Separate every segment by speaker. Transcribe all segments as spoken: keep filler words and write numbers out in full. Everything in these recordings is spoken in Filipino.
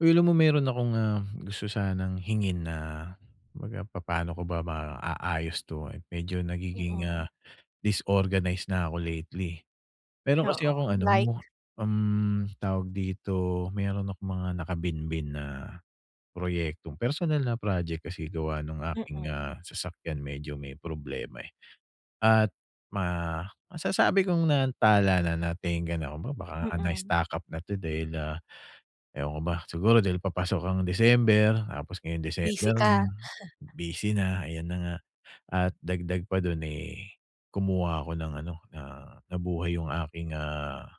Speaker 1: Uy, alam mo, meron akong, ah, gusto sanang hingin na 'baga papaano ko ba maaayos 'to, eh. Medyo nagiging, ah,
Speaker 2: Oo.
Speaker 1: disorganize na ako lately. Meron kasi
Speaker 2: Oo,
Speaker 1: akong ano mo
Speaker 2: like?
Speaker 1: um, tawag dito, meron akong mga nakabinbin na proyekto. Personal na project kasi gawa nung aking,
Speaker 2: Mm.
Speaker 1: ah, sasakyan medyo may problema, eh. At ma masasabi kong naantala na, natengga na, kumbaga baka nga
Speaker 2: Mm.
Speaker 1: na-stuck up na 'to dahil, ah, ewan ko ba. Siguro dahil papasok ang December tapos ngayong
Speaker 2: Busy
Speaker 1: December
Speaker 2: ka.
Speaker 1: na, busy na, ayan na nga. At dagdag pa dun, eh, kumuha ako ng ano, na nabuhay yung aking, ah,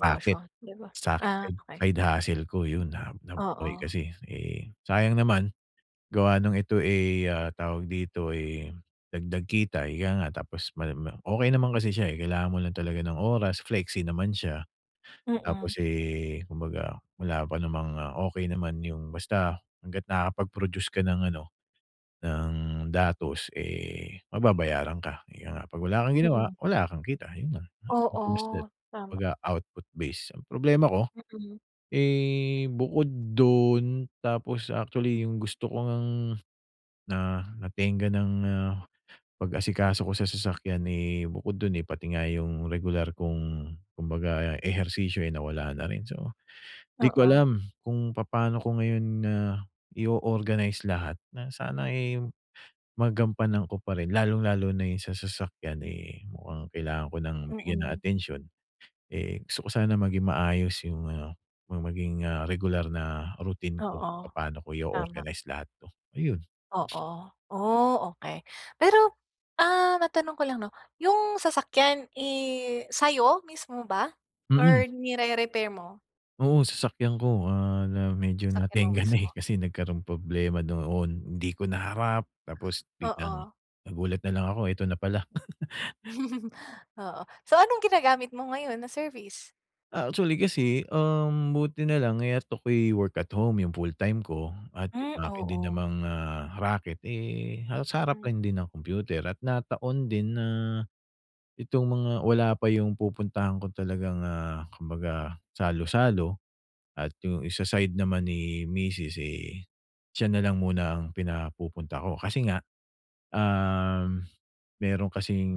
Speaker 1: raket,
Speaker 2: di ba?
Speaker 1: side
Speaker 2: Ah,
Speaker 1: hustle
Speaker 2: okey.
Speaker 1: side hustle ko, yun. Na nabuhay
Speaker 2: Oo.
Speaker 1: kasi, eh, sayang naman gawa ng ito, eh, ah, tawag dito, ay dagdag kita, ika nga tapos mal ma okey naman kasi siya, eh. Kailangan mo lang talaga ng oras, flexi naman siya.
Speaker 2: Mm.
Speaker 1: Tapos, eh, kumbaga wala pa namang okey naman yung basta hangga't nakapag-produce ka ng ano, ng datos, eh, mababayaran ka. Kaya nga 'pag wala kang ginawa,
Speaker 2: Mm.
Speaker 1: wala kang kita yun lang. As simple as that.
Speaker 2: Oo, tama.
Speaker 1: 'Baga output base. Ang problema ko,
Speaker 2: Mm.
Speaker 1: eh, bukod dun, tapos actually, yung gusto ko ngang na natengga nang, ah, pag-asikaso ko sa sasakyan, eh, bukod dun, eh, pati nga yung regular kong kumbaga, ehersisyo ay nawala na rin. So, di ko
Speaker 2: Oo.
Speaker 1: alam kung papaano ko ngayon, ah, i-o-organize lahat na sana, eh, magampanan ko pa rin lalong-lalo na yung sa sasakyan, eh, mukhang kailangan ko ng bigyan ng
Speaker 2: Mm.
Speaker 1: atensyon. Eh, gusto ko sana maging maayos yung, ah, yung maging, ah, regular na routine ko kung
Speaker 2: Oo,
Speaker 1: papaano ko
Speaker 2: tama.
Speaker 1: i-o-organize lahat 'to, ayun.
Speaker 2: Oo, oh, okey. Pero, ah, matanong ko lang 'no? Yung sasakyan, eh, sa'yo mismo ba
Speaker 1: Mm.
Speaker 2: or nire-repair mo?
Speaker 1: Oo, sasakyan ko, ah, na medyo
Speaker 2: Sasakyan mo
Speaker 1: natengga na, eh,
Speaker 2: mismo.
Speaker 1: kasi nagkaroon problema noon, hindi ko naharap tapos biglang,
Speaker 2: Oo.
Speaker 1: nagulat na lang ako eto na pala.
Speaker 2: Oo. So, anong ginagamit mo ngayon na service?
Speaker 1: Ah, actually kasi, um, buti na lang, eh, at ako'y work at home yung full time ko at
Speaker 2: Hmm,
Speaker 1: yung akin din
Speaker 2: oo.
Speaker 1: namang, ah, raket, eh, halos sa harap
Speaker 2: Mm.
Speaker 1: lang din ng kompyuter at nataon din na, itong mga wala pa yung pupuntahan ko talagang, ah, kumbaga salo-salo at yung isa side naman ni misis, eh, siya na lang muna ang pinapupunta ko. Kasi nga, um, meron kasing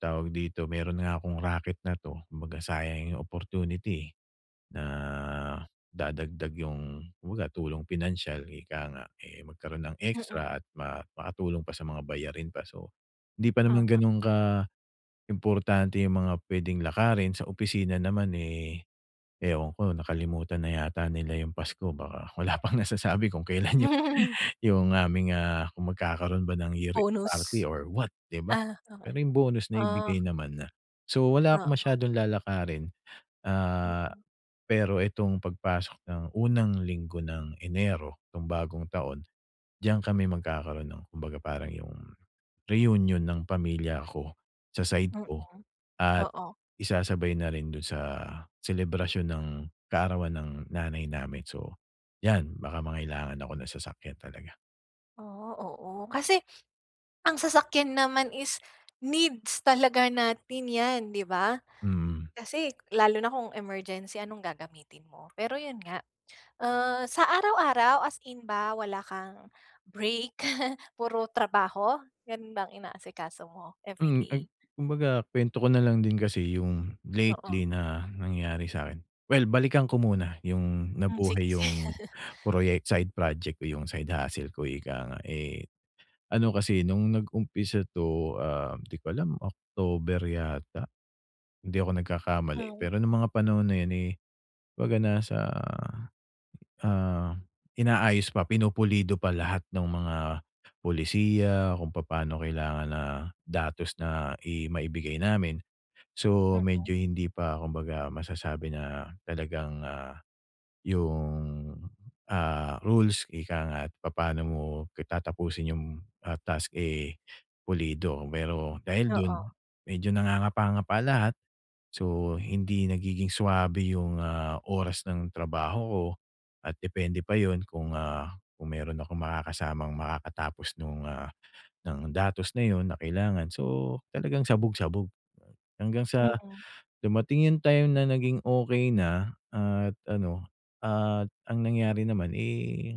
Speaker 1: tawag dito, meron nga akong raket na 'to, kumbaga sayang yung opportunity, eh, na dadagdag yung kumbaga tulong pinansiyal ika nga, eh, magkaroon ng
Speaker 2: Mm.
Speaker 1: extra at ma makatulong pa sa mga bayarin pa. So, hindi pa naman
Speaker 2: Tama.
Speaker 1: gano'n kaimportante yung mga pwedeng lakarin. Sa opisina naman, eh, ewan ko nakalimutan na yata nila yung pasko baka wala pang nasasabi kung kailan yung, yung aming, ah, kung magkakaroon ba ng year
Speaker 2: Bonus.
Speaker 1: party or what 'di ba.
Speaker 2: Ah, okey.
Speaker 1: Pero yung bonus
Speaker 2: Ah.
Speaker 1: naibigay naman na. So, wala akong
Speaker 2: Oo.
Speaker 1: masyadong lalakarin. Ah,
Speaker 2: Mm.
Speaker 1: pero itong pagpasok ng unang linggo ng Enero 'tong bagong taon, diyan kami magkakaroon ng kumbaga parang yung, reunion ng pamilya ko, sa side ko,
Speaker 2: Mm.
Speaker 1: at
Speaker 2: Oo.
Speaker 1: isasabay na rin do'n sa selebrasyon ng kaarawan ng nanay namin. So, 'yan baka mangailangan ako ng sasakyan talaga.
Speaker 2: Ah, oo kasi ang sasakyan naman is needs talaga natin 'yan, 'di ba?
Speaker 1: Hmm.
Speaker 2: Kasi, lalo na kung emergency anong gagamitin mo? Pero, 'yon nga, uh, sa araw-araw as in ba wala kang break puro trabaho, gano'n ba ang inaasikaso mo every
Speaker 1: Hmm, ag
Speaker 2: day?
Speaker 1: kumbaga kwento ko na lang din kasi 'yung
Speaker 2: Oo.
Speaker 1: lately na nangyari sa akin. Well, balikan ko muna 'yung
Speaker 2: Hmm, sig
Speaker 1: nabuhay 'yung
Speaker 2: sige.
Speaker 1: proyek side project ko 'yung side hustle ko ika nga. Eh, ano kasi nung nag-umpisa to, um, di ko alam October yata? Kung hindi ako nagkakamali.
Speaker 2: Hmm.
Speaker 1: Pero nung mga panahon na 'yon, eh, 'baga nasa, ah, inaayos pa pinupulido pa lahat ng mga polisiya kung papaano kailangan na datos na i maibigay namin. So, medyo
Speaker 2: Mm.
Speaker 1: hindi pa kumbaga masasabi na talagang, ah, 'yung, ah, rules ika nga't papaano mo k tatapusin 'yung, ah, task, eh, pulido. Pero dahil do'n,
Speaker 2: Oo.
Speaker 1: medyo nangangapa-ngapa lahat. So, hindi nagiging swabe 'yung, ah, oras ng trabaho ko at depende pa 'yon kung, ah, kung meron akong makakasamang makakatapos nung, ah, ng datos na 'yon na kailangan so, talagang sabog-sabog hanggang sa,
Speaker 2: Mm.
Speaker 1: dumating 'yung time na naging okey na at ano, at ang nangyari naman, eh,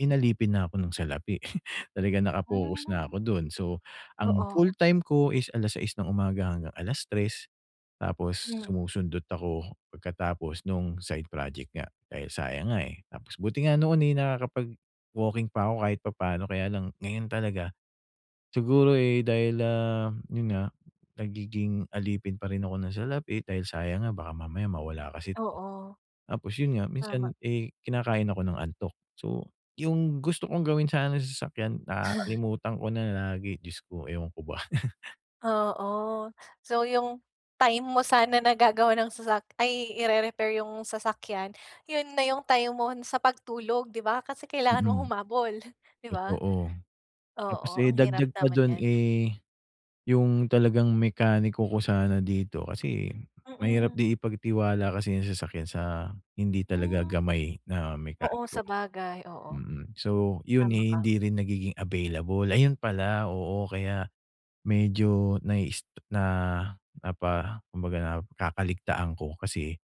Speaker 1: inalipin na ako ng salapi. Talagang naka-focus na
Speaker 2: Hmm.
Speaker 1: ako do'n. So, ang
Speaker 2: Oo.
Speaker 1: full-time ko is alas sais ng umaga hanggang alas tres tapos
Speaker 2: Hmm.
Speaker 1: sumusundot ako pagkatapos nung side project nga, dahil sayang nga, eh. Tapos buti nga noon, eh, nakakapag-walking pa ako kahit papaano kaya lang ngayon talaga. Siguro, eh, dahil, ah, 'yun nga, nagiging alipin parin ako ng salapi, dahil sayang nga baka mamaya mawala kasi't
Speaker 2: Oo.
Speaker 1: tapos 'yon nga
Speaker 2: Tama.
Speaker 1: minsan, eh, kinakain ako ng antok. So, 'yung gusto kong gawin sana sa sasakyan nakakalimutan ko na lagi Diyos ko, ewan ko ba?
Speaker 2: Oo. So, yung time mo sana na gagawa ng sasakya ay ire-repair yung sasakyan, yun na yung time mo sa pagtulog, 'di ba? Kasi kailangan mong
Speaker 1: Mm,
Speaker 2: humabol, 'di ba?
Speaker 1: totoo. Tapos,
Speaker 2: Oo,
Speaker 1: eh,
Speaker 2: ang hirap
Speaker 1: dagdag pa
Speaker 2: naman
Speaker 1: dun,
Speaker 2: 'yan.
Speaker 1: eh, yung talagang mekaniko ko sana dito kasi mahirap
Speaker 2: Mm.
Speaker 1: din ipagtiwala kasi yung sasakyan sa hindi talaga
Speaker 2: Hmm,
Speaker 1: gamay na
Speaker 2: oo.
Speaker 1: mekaniko.
Speaker 2: Sabagay, oo.
Speaker 1: Mm. So, yun,
Speaker 2: Tama
Speaker 1: eh,
Speaker 2: ka.
Speaker 1: hindi rin nagiging available. Ayun pala, oo, kaya medyo na-is na napa kumbaga, nakakaligtaan ko. Kasi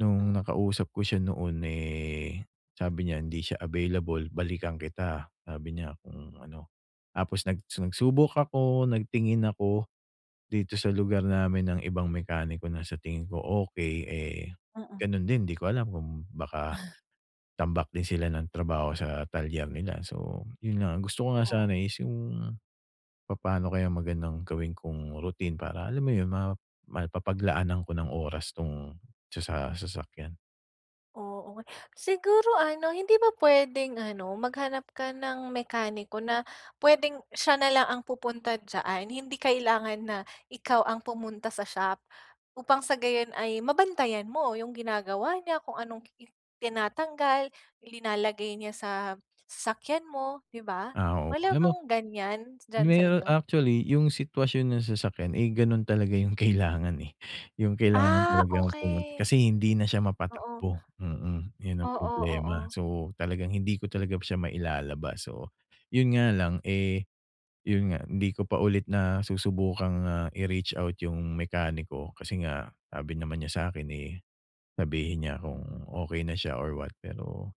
Speaker 1: nung
Speaker 2: Mm.
Speaker 1: nakausap ko siya noon, eh, sabi niya hindi siya available, balikan kita, sabi niya kung ano. Tapos nag nagsubok ako, nagtingin ako dito sa lugar namin ng ibang mekaniko na sa tingin ko okey, eh,
Speaker 2: Mm.
Speaker 1: ganun din. Di ko alam kung baka tambak din sila ng trabaho sa talyer nila. So, yun nga gusto ko nga
Speaker 2: Oo.
Speaker 1: sana is yung papaano kaya magandang gawin kong routine para alam mo yun, ma mapapaglaanan ko ng oras 'tong sa sa sasakyan.
Speaker 2: Oo. Siguro ano, hindi ba puwedeng ano, maghanap ka ng mekaniko na puwedeng siya na lang ang pupunta diyaan, hindi kailangan na ikaw ang pumunta sa shop. Upang sa gayon ay mabantayan mo 'yong ginagawa niya, kung anong ki i tinatanggal, nilalagay niya sa sasakyan mo, 'di ba.
Speaker 1: Ah, oo.
Speaker 2: Wala
Speaker 1: Alam mo
Speaker 2: bang ganyan diyan sa
Speaker 1: ngayon
Speaker 2: inyo?
Speaker 1: actually yung sitwasyon ng sasakyan, eh, ganun talaga yung kailangan eh. Yung kailangan
Speaker 2: Ah,
Speaker 1: talagang pumunta,
Speaker 2: okey.
Speaker 1: kasi hindi na siya
Speaker 2: Oo.
Speaker 1: mapatakbo, mm, yun ang
Speaker 2: Oo,
Speaker 1: problema.
Speaker 2: oo.
Speaker 1: So talagang hindi ko talaga siya mailalabas. So yun nga lang, eh, yun nga hindi ko pa ulit na susubukang, ah, i-reach-out yung mekaniko, kasi nga sabi naman niya sa'kin, eh, sabihin niya kung okey na siya or what. Pero,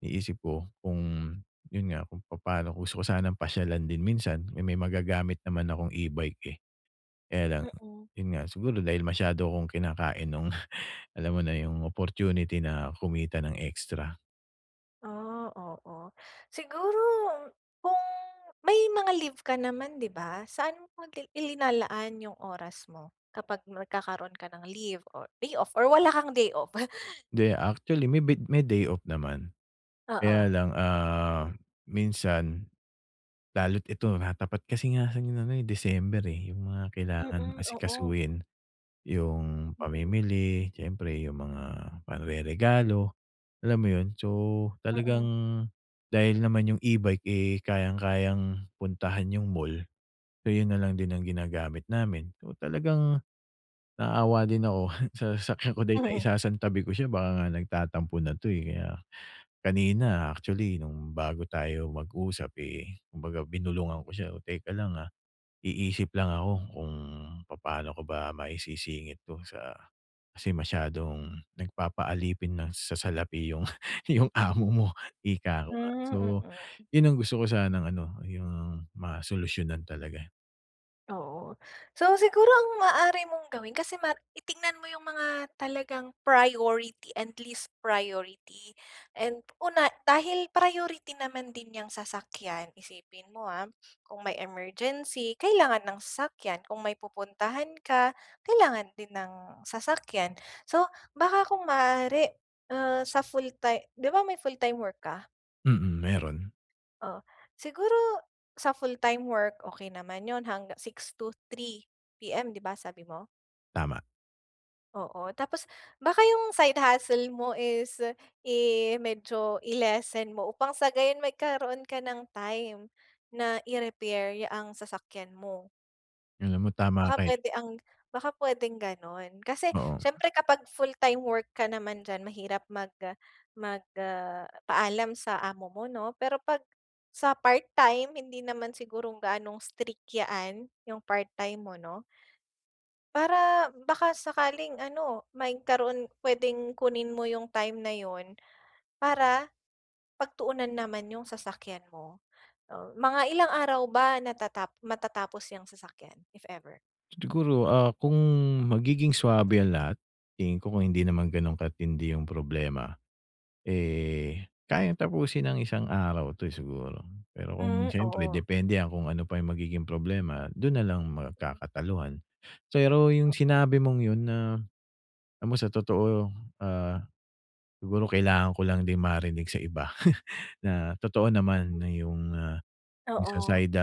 Speaker 1: iniisip ko kung, yun nga, kung papa'no gusto ko sanang pasyalan din minsan, may magagamit naman akong e-bike, eh. Kaya lang,
Speaker 2: Mm.
Speaker 1: yun nga siguro dahil masyado akong kinakain nung, alam mo na yung opportunity na kumita ng extra.
Speaker 2: Ah, oo. Siguro, kung may mga leave ka naman, di ba? Saan mo dil ilinalaan yung oras mo kapag nagkakaroon ka ng leave or day off? Or wala kang day off?
Speaker 1: 'Di, actually, may bit may day off naman.
Speaker 2: Oo.
Speaker 1: Kaya lang, ah, minsan lalo't ito nakatapat kasi nga sa ano ngayon, eh, December, eh. Yung mga kailangan
Speaker 2: Mm, oo.
Speaker 1: asikasuhin, yung
Speaker 2: Mm.
Speaker 1: pamimili, siyempre, yung mga panreregalo, alam mo yun? So, talagang
Speaker 2: Mm.
Speaker 1: dahil naman yung e-bike, eh, kayang-kayang puntahan yung mall, so yun nalang din ang ginagamit namin. So, talagang naawa din ako sa sasakyan ko dahil
Speaker 2: Mhm.
Speaker 1: naisasantabi ko siya baka nga nagtatampo na 'to, eh. Kaya kanina actually, nung bago tayo mag-usap, eh, kumbaga binulungan ko siya, "Oh, teka lang, ah. Iisip lang ako kung papano ko ba maisisingit 'to sa, kasi masyadong nagpapaalipin na sa salapi yung, yung amo mo, ika ko nga.
Speaker 2: Hmm,
Speaker 1: So,
Speaker 2: mm.
Speaker 1: yun ang gusto ko sanang ano, yung masolusyonan talaga.
Speaker 2: Oo. So, siguro ang maaari mong gawin kasi ma titignan mo yung mga talagang priority and least priority. And, una, dahil priority naman din 'yang sasakyan, isipin mo, ha, kung may emergency, kailangan ng sasakyan. Kung may pupuntahan ka, kailangan din ng sasakyan. So, baka kung maaari, ah, sa full-time 'di ba may full-time work ka?
Speaker 1: Mm, meron.
Speaker 2: O, siguro sa full-time work, okey naman 'yon hangga six to three PM, 'di ba, sabi mo?
Speaker 1: Tama.
Speaker 2: Oo. Tapos, baka yung side hustle mo, is i medyo i-lessen mo upang sa gayon, magkaroon ka ng time na i-repair ya ang sasakyan mo.
Speaker 1: Alam mo tama
Speaker 2: Baka
Speaker 1: ka, eh.
Speaker 2: puwede ang baka puwedeng gano'n. Kasi,
Speaker 1: Oo.
Speaker 2: siyempre kapag full time work ka naman diyan, mahirap mag mag paalam sa amo mo 'no. Pero, 'pag sa part time, hindi naman sigurong gaanong strict yaan, yung part time mo 'no. Para baka sakaling ano, maykaroon puwedeng kunin mo yung time na 'yon, para pagtuunan naman yung sasakyan mo. Uh, mga ilang araw ba natata matatapos 'yang sasakyan, if ever?
Speaker 1: Siguro, ah, kung magiging swabe ang lahat tingin ko kung hindi naman ganun katindi 'yung problema, eh, kayang tapusin ng isang araw 'to, eh, siguro. Pero kung
Speaker 2: Hmm,
Speaker 1: siyempre
Speaker 2: oo.
Speaker 1: depende kung ano pa 'yung magiging problema dun nalang magkakataluhan. Pero 'yung
Speaker 2: Oo.
Speaker 1: sinabi mong 'yun na, alam mo sa totoo, ah, siguro kailangan ko lang din marinig sa iba na totoo naman 'yung, ah, sa
Speaker 2: Oo.
Speaker 1: side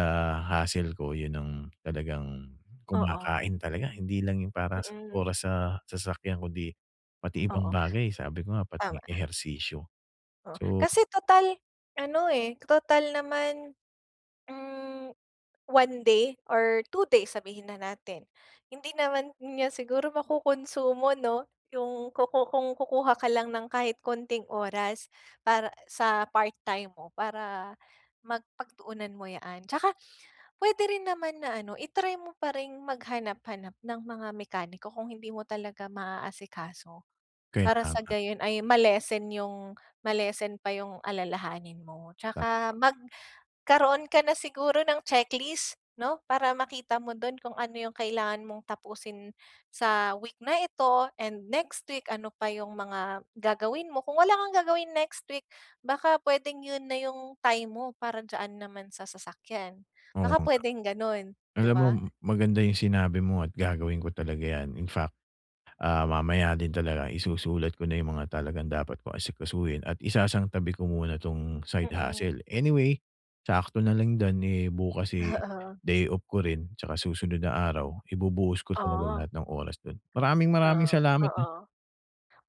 Speaker 1: hustle ko, 'yun ang talagang
Speaker 2: Oo.
Speaker 1: kumakain talaga hindi lang 'yung para sa
Speaker 2: Mm.
Speaker 1: oras sa sasakyan kundi pati ibang
Speaker 2: Oo,
Speaker 1: bagay, sabi ko nga pati
Speaker 2: tama.
Speaker 1: ehersisyo,
Speaker 2: Oo,
Speaker 1: so
Speaker 2: kasi total ano, eh, total naman, hmm, one day or two days sabihin na natin, hindi naman niya siguro makunsumo 'no, 'yung kuku kung kukuha ka lang ng kahit konting oras para sa part-time mo para mag pagtuunan mo yaan tsaka puwede rin naman na ano i-try mo pa ring maghanap-hanap ng mga mekaniko kung hindi mo talaga maaaasikaso.
Speaker 1: Kaya
Speaker 2: Para sa
Speaker 1: nga.
Speaker 2: gayon ay ma-lessen 'yong ma-lessen pa 'yong alalahanin mo,
Speaker 1: Tama
Speaker 2: 'tsaka
Speaker 1: ka.
Speaker 2: magkaroon ka na siguro ng checklist 'no, para makita mo do'n kung ano 'yong kailangan mong tapusin sa week na ito and next week, ano pa 'yong mga gagawin mo, kung wala kang gagawin next week baka puwedeng 'yon na 'yong time mo para diyan naman sa sasakyan
Speaker 1: Oo
Speaker 2: baka
Speaker 1: nga.
Speaker 2: puwedeng gano'n, 'di
Speaker 1: Alam mo
Speaker 2: ba?
Speaker 1: maganda 'yung sinabi mo at gagawin ko talaga 'yan, in fact, ah, mamaya din talaga isusulat ko na 'yung mga talagang dapat kong asikasuhin at isasang tabi ko muna 'tong side
Speaker 2: Mm.
Speaker 1: hustle. Anyway, sakto na lang dun, eh, bukas, eh,
Speaker 2: Oo.
Speaker 1: day off ko rin tsaka susunod na araw ibubuhos ko talaga
Speaker 2: Oh.
Speaker 1: lahat ng oras dun. Maraming-maraming
Speaker 2: Ah,
Speaker 1: salamat, ha.
Speaker 2: oo,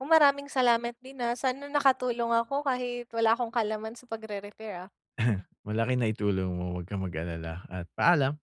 Speaker 2: maraming salamat din ha, saan nakatulong ako kahit wala akong kaalaman sa pagre-repair, ah.
Speaker 1: Malaki naitulong mo 'wag kang mag-alala at paalam.